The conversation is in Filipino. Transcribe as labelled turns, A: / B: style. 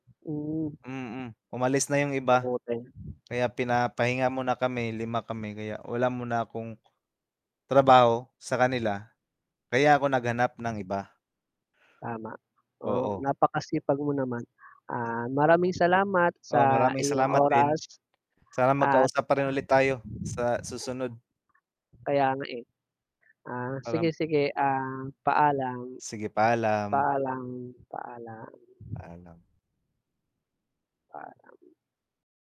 A: Hmm.
B: Mm, umalis na 'yung iba,
A: Mabuting
B: kaya pinapahinga muna kami, 5 kami, kaya wala muna akong trabaho sa kanila. Kaya ako naghanap ng iba.
A: Tama, oh,
B: Oo.
A: napakasipag mo naman, ah, maraming salamat
B: Oh,
A: sa
B: maraming
A: iyong
B: salamat din,
A: oras,
B: sana
A: at
B: magkausap pa rin ulit tayo, sa susunod.
A: Kaya nga, eh. Ah, sige,
B: Alam
A: sige, ah, paalam.
B: Sige, paalam.
A: Paalam, paalam.
B: Paalam.
A: Paalam.